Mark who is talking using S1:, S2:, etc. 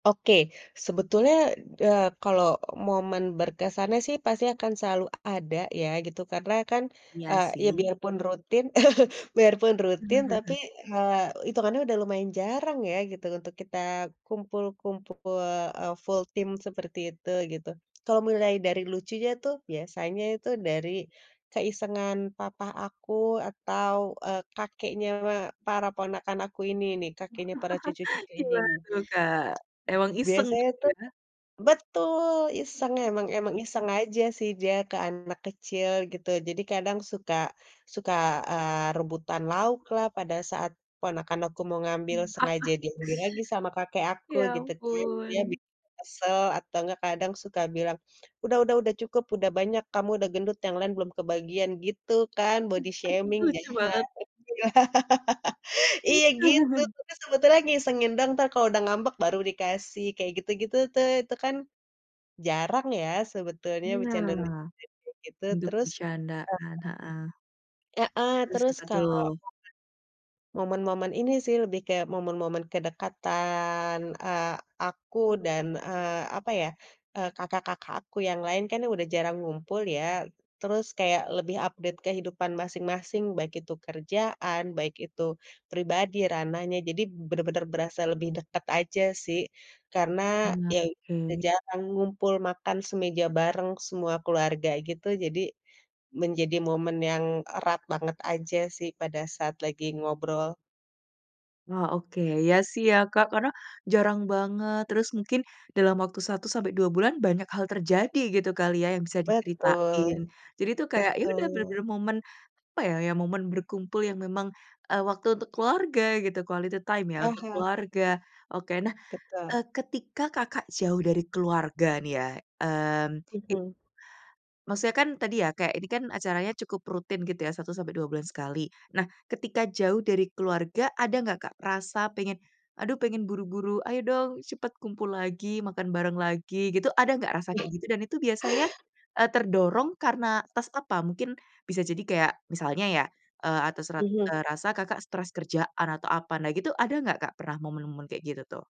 S1: Oke sebetulnya, eee, kalau momen berkesannya sih pasti akan selalu ada ya gitu. Karena kan,
S2: Iya
S1: eee, ya
S2: sih.
S1: biarpun rutin biarpun rutin, tapi, eee, hitungannya udah lumayan jarang ya gitu untuk kita kumpul-kumpul, eee, full team seperti itu gitu. Kalau mulai dari lucunya tuh biasanya itu dari keisengan papa aku atau, eee, kakeknya para ponakan aku ini nih, kakeknya para cucu-cucu ini
S2: Gimana
S1: nih.
S2: tuh Kak, emang iseng
S1: Biasanya
S2: gitu
S1: tuh
S2: ya?
S1: betul! Iseng. Emang emang iseng aja sih dia ke anak kecil gitu. Jadi kadang suka suka, eee, rebutan lauklah pada saat ponakan aku mau ngambil,
S2: Mmm
S1: sengaja diambil lagi sama kakek aku
S2: Ya
S1: gitu kan. Dia
S2: ampun.
S1: bikin kesel. Atau nggak kadang suka bilang, “Udah udah udah cukup, udah banyak, kamu udah gendut, yang lain belum kebagian,” gitu kan. Body shaming,
S2: Lucu banget.
S1: jahat.
S2: Mmm.
S1: Iya gitu, tapi sebetulnya ngisengin doang entar kalau udah ngambek baru dikasih, kayak gitu-gitu tuh. Itu kan jarang ya sebetulnya becanda-becanda
S2: Nah,
S1: [unintelligible] gitu.
S2: untuk
S1: Terus
S2: bercandaan, heeh.
S1: heeh.
S2: Terus
S1: Terus
S2: apa
S1: kalau
S2: tuh?
S1: momen momen-momen ini sih lebih ke momen-momen kedekatan, eee, aku dan, eee, apa ya, eee, kakak-kakak aku yang lain kan udah jarang ngumpul ya. Terus kayak lebih update kehidupan masing-masing, baik itu kerjaan, baik itu pribadi ranahnya. Jadi benar-benar berasa lebih deket aja sih, karena
S2: Iya,
S1: ya udah
S2: oke.
S1: jarang ngumpul makan semeja bareng semua keluarga gitu. Jadi menjadi momen yang erat banget aja sih pada saat lagi ngobrol.
S2: Oh, oke. Ya sih ya, Kak, karena jarang banget. Terus mungkin dalam waktu 1 sampai 2 bulan banyak hal terjadi gitu kali ya yang bisa diceritain.
S1: Betul,
S2: Jadi tuh kayak ya udah
S1: betul.
S2: bener-bener momen, apa ya, ya momen berkumpul yang memang, eee, waktu untuk keluarga gitu. Quality time ya
S1: Ah
S2: untuk
S1: hah.
S2: keluarga. Oke, nah,
S1: Betul.
S2: eee, ketika Kakak jauh dari keluarga nih ya, mmm, it
S1: Mhm.
S2: Maksudnya kan tadi ya, kayak ini kan acaranya cukup rutin gitu ya, 1 sampai 2 bulan sekali. Nah ketika jauh dari keluarga ada enggak, Kak, rasa pengen, “Aduh pengen buru-buru, ayo dong cepet kumpul lagi, makan bareng lagi,” gitu? Ada enggak rasa kayak
S1: Ah.
S2: gitu? Dan itu biasanya, eee, terdorong karena atas apa? Mungkin bisa jadi kayak, misalnya ya, eee, atas rat
S1: Mhm.
S2: eee, rasa Kakak stres kerjaan atau apa. Nah gitu, ada nggak pernah momen-momen kayak gitu tuh?